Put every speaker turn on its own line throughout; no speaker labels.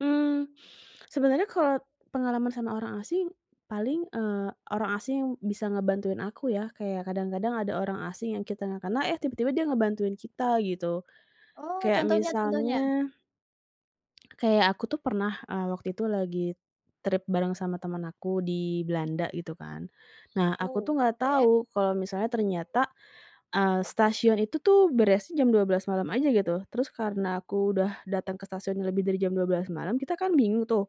Mmm, sebenarnya kalau pengalaman sama orang asing paling, eee, orang asing bisa ngebantuin aku ya kayak kadang-kadang ada orang asing yang kita gak kenal eh tiba-tiba dia ngebantuin kita gitu
Oh
kayak
contohnya contohnya?
misalnya kayak aku tuh pernah, eee, waktu itu lagi trip bareng sama temen aku di Belanda gitu kan. Nah aku tuh enggak
Oke.
tahu kalau misalnya ternyata, eee, stasiun itu tuh beresnya jam 12.00 malam aja gitu, terus karena aku udah datang ke stasiun yang lebih dari jam 12.00 malam kita kan bingung tuh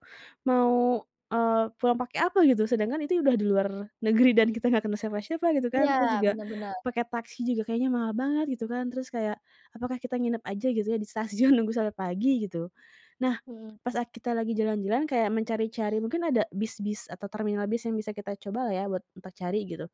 mau, eee, pulang pakai apa gitu sedangkan itu udah di luar negeri dan kita nggak kenal siapa-siapa gitu
Iya
kan terus juga
benar benar.
pakai taksi juga kayaknya mahal banget gitu kan terus kayak, "Apakah kita nginep aja gitu ya di stasiun nunggu sampai pagi gitu?" Nah,
Mhm.
pas kita lagi jalan-jalan kayak mencari-cari mungkin ada bis-bis atau terminal bis yang bisa kita cobalah ya buat untuk cari gitu,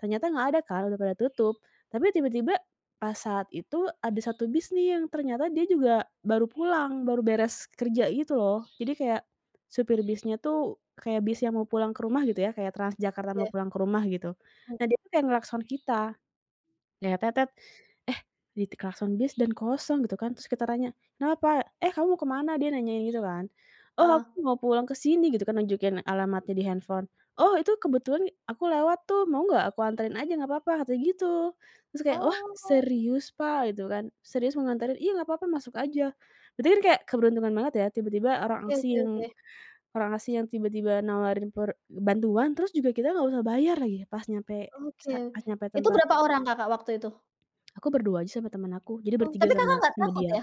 ternyata nggak ada Kak, udah pada tutup tapi tiba-tiba pas saat itu ada 1 bis nih yang ternyata dia juga baru pulang, baru beres kerja gitu loh jadi kayak supir bisnya tuh kayak bis yang mau pulang ke rumah gitu ya kayak TransJakarta mau
Oke.
pulang ke rumah gitu,
Hmm.
nah dia kayak nglakson kita kayak "Eh di klakson bis dan kosong gitu kan," terus kita tanya, "Kenapa?" "Eh kamu mau kemana?" Dia nanya gitu kan, "oh
Heeh.
aku mau pulang ke sini" gitu kan nunjukin alamatnya di handphone, "oh itu kebetulan aku lewat tuh mau nggak aku anterin aja nggak apa-apa," katanya gitu, terus kayak "wah,
Oh.
serius Pak?" Gitu kan, "serius mau nganterin?" "Iya nggak apa-apa masuk aja," berarti kan kayak keberuntungan banget ya tiba-tiba orang
Oke
asing
oke
yang
oke.
orang asing yang tiba-tiba nawarin pro bantuan terus juga kita nggak usah bayar lagi pas nyampe
Oke,
sa pas nyampe
itu
tempat.
berapa orang Kakak waktu itu?
Aku berdua aja sama temen aku jadi
Oh
bertiga
tapi Kakak
sama
nggak
sama
takut
dia.
ya?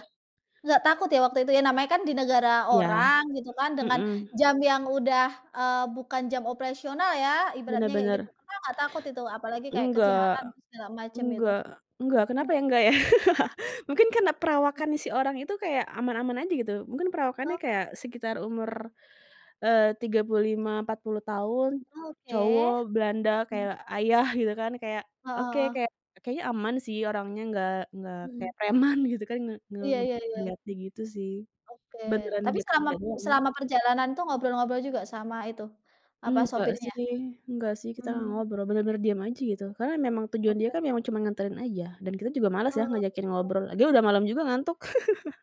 Nggak takut ya waktu itu ya namanya kan di negara
Iya,
orang gitu kan dengan
mhm.
jam yang udah, eee, bukan jam operasional ya
Bener
ibaratnya kayak gitu,
bener.
Kakak nggak takut itu apalagi kayak
Enggak,
kejahatan segala macam itu?
enggak, enggak,
Hmm.
kenapa ya nggak ya? Mungkin karena perawakannya si orang itu kayak aman-aman aja gitu. Mungkin perawakannya
Oh.
kayak sekitar umur, eee, 35, 40 tahun
Oke.
cowok Belanda
Hmm.
kayak ayah gitu kan kayak
Heeh
oke,
heeh.
kayak kayaknya aman sih orangnya enggak enggak
Mhm.
kayak preman gitu kan, nge nge
Iya iya iya.
ngelihatnya gitu sih,
Oke,
beneran
tapi
dia
selama
kerjanya.
selama perjalanan tuh ngobrol-ngobrol juga sama itu, apa
Enggak
sopirnya?
sih enggak sih kita gak
Mmm.
ngobrol, bener-bener diem aja gitu. Karena memang tujuan dia
Oke.
kan cuma nganterin aja dan kita juga malas ya
Ah, sepi
ngajakin
dong.
ngobrol, lagian udah malam juga ngantuk.